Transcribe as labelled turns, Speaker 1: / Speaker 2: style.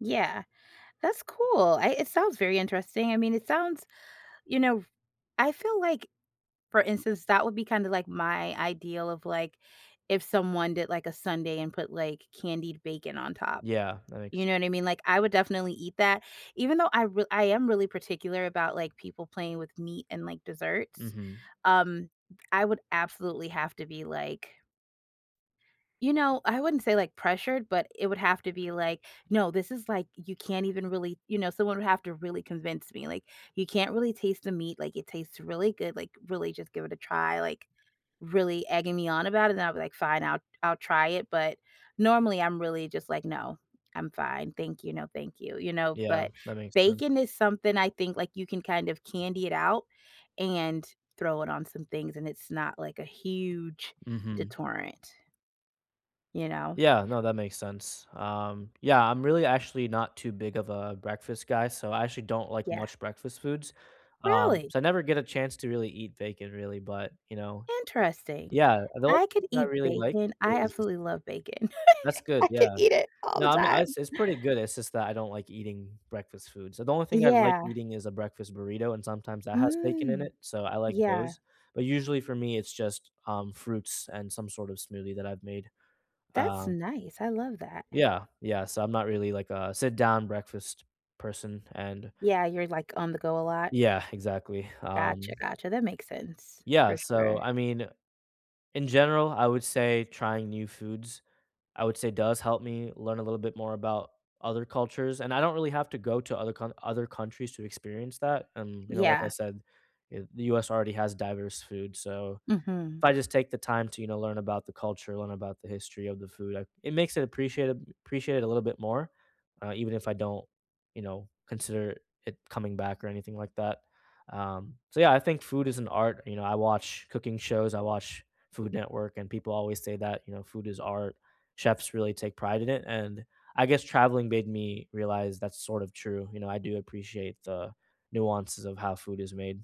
Speaker 1: Yeah, that's cool, I it sounds very interesting, I mean, it sounds you know, I feel like for instance, that would be kinda, like, my ideal of, like, if someone did, like, a sundae and put, like, candied bacon on top.
Speaker 2: Yeah, that makes
Speaker 1: You know what I mean? Like, I would definitely eat that. Even though I r I am really particular about, like, people playing with meat and, like, desserts.
Speaker 2: Mhm.
Speaker 1: Um, I would absolutely have to be, like you know, I wouldn't say, like, pressured, but it would have to be, like, "No, this is, like, you can't even really," you know? Someone would have to really convince me, like, "You can't really taste the meat," like, "it tastes really good," like, "really, just give it a try," like, really egging me on about it, then I'd be like, "Fine, I'll I'll try it." But, normally, I'm really just like, "No. I'm fine. Thank you, no, thank you." You know?
Speaker 2: Yeah,
Speaker 1: But,
Speaker 2: that makes
Speaker 1: bacon
Speaker 2: sense.
Speaker 1: is something, I think, like, you can kind of candy-it-out and throw it on some things, and it's not, like, a huge
Speaker 2: Mhm.
Speaker 1: deterrent. You know?
Speaker 2: Yeah, no, that makes sense. Um, yeah, I'm really, actually not too big of a breakfast guy, so I actually don't like
Speaker 1: Yeah.
Speaker 2: much breakfast foods. Um,
Speaker 1: Really?
Speaker 2: so I never get a chance to really eat bacon really, but, you know.
Speaker 1: Interesting.
Speaker 2: Yeah, the only
Speaker 1: I could
Speaker 2: thing I
Speaker 1: eat
Speaker 2: really like
Speaker 1: bacon, I
Speaker 2: is
Speaker 1: absolutely love bacon.
Speaker 2: That's good,
Speaker 1: I could
Speaker 2: yeah.
Speaker 1: eat it all the
Speaker 2: No, I'm I
Speaker 1: time.
Speaker 2: it's pretty good, it's just that I don't like eating breakfast food, so the only thing I like
Speaker 1: Yeah.
Speaker 2: eating is a breakfast burrito, and sometimes that has bacon in
Speaker 1: Mm.
Speaker 2: it. So, I like
Speaker 1: Yeah.
Speaker 2: those, but usually, for me, it's just, um, fruits and some sort of smoothie that I've made.
Speaker 1: That's
Speaker 2: Um
Speaker 1: nice, I love that.
Speaker 2: Yeah, yeah, so I'm not really, like, a sit-down breakfast person, and
Speaker 1: Yeah, you're, like, on-the-go a lot?
Speaker 2: Yeah, exactly,
Speaker 1: Gotcha,
Speaker 2: um
Speaker 1: gotcha, that makes sense, for
Speaker 2: Yeah, so,
Speaker 1: sure.
Speaker 2: I mean, in general, I would say trying new foods, I would say does help me learn a little bit more about other cultures, and I don't really have to go to other count other countries to experience that, and, you know, like I
Speaker 1: Yeah.
Speaker 2: said, eh, the US already has diverse food, so, if
Speaker 1: Mhm.
Speaker 2: I just take the time to, you know, learn about the culture, learn about the history of the food, I it makes it appreciate appreciate a little bit more, uh, even if I don't, you know, consider it it coming back or anything like that. Um, so yeah, I think food is an art, you know, I watch cooking shows, I watch Food Network, and people always say that, you know, "Food is art." Chefs really take pride in it, and, I guess traveling made me realize that's sort of true, you know, I do appreciate the nuances of how food is made.